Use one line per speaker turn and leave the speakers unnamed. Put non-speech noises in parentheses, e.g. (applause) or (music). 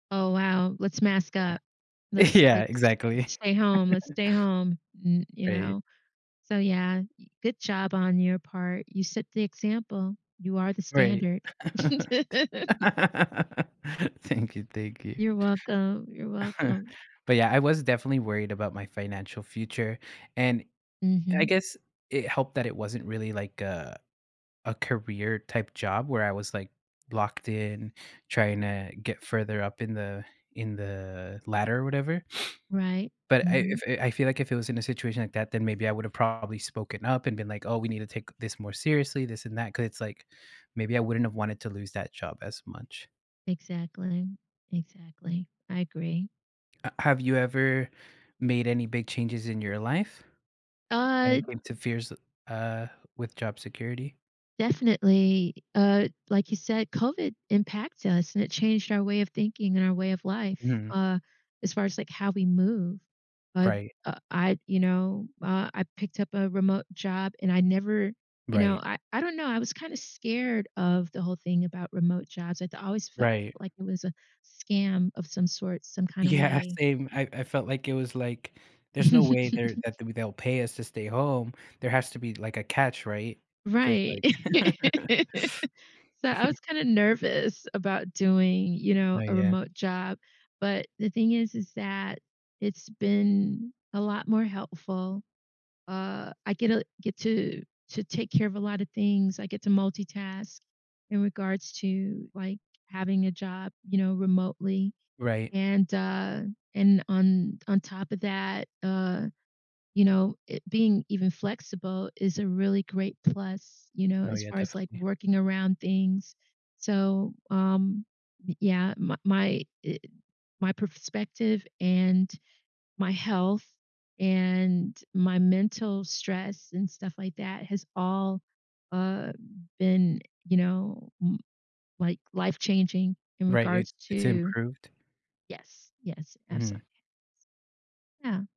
Oh, wow. Let's mask
Yeah.
up. Let's,
Yeah,
like, s
exactly.
let's stay home. Let's
(chuckles)
stay home. N you
Right.
know? So, yeah, eh good job on your part. You set the example. You are the
Right.
standard. (laughs)
(laughs) Thank you, thank you.
You're welcome. You're
(chuckles)
welcome.
But yeah, I was definitely worried about my financial future. And I
Mhm.
guess it helped that it wasn't really like a a career-type job where I was like, locked in, tryna get further up in the in the ladder or whatever.
Right.
But I I
Mhm.
f I feel like if it was in a situation like that, then maybe I would’ve probably spoken up and been like, "Oh, we need to take this more seriously, this and that." 'Cause it's, like, maybe I wouldn't have wanted to lose that job as much.
Exactly. Exactly. I agree.
A have you ever made any big changes in your life when
Uh
it came to fears, uh, with job security?
Definitely. Uh, like you said, COVID impacts us, and it changed our way of thinking and our way of life,
Mhm.
uh, as far as, like, how we move. But,
Right.
uh, I you know, uh, I picked up a remote job, and I never you know,
Right.
I I don't know, I was kinda scared of the whole thing about remote jobs. It always felt
Right.
like it was a scam of some sort, some kinda
Yeah,
way.
same. I I felt like it was, like, "There's no way they're
(laughs)
that they'll pay us to stay home. There has to be, like, a catch, right?" So it's
Right.
like (laughs)
(laughs) So, I
(chuckles)
was kinda nervous about doing, you know,
Oh
a
yeah.
remote job, but the thing is is that it's been a lot more helpful. Uh, I get, uh, get to to take care of a lot of things. I get to multitask in regards to, like, having a job, you know, remotely.
Right.
And, uh, and on on top of that, uh, you know, i being even flexible is a really great plus, you know,
Oh,
as
yeah.
far as, like,
Definitely.
working around things. So, um Y yeah, m my i my perspective and my health and my mental stress and stuff like that has all, uh, been, you know, m like, life-changing in
Right. It
regards
It's
to
improved.
Yes, yes,
Mhm.
absolutely. S Yeah.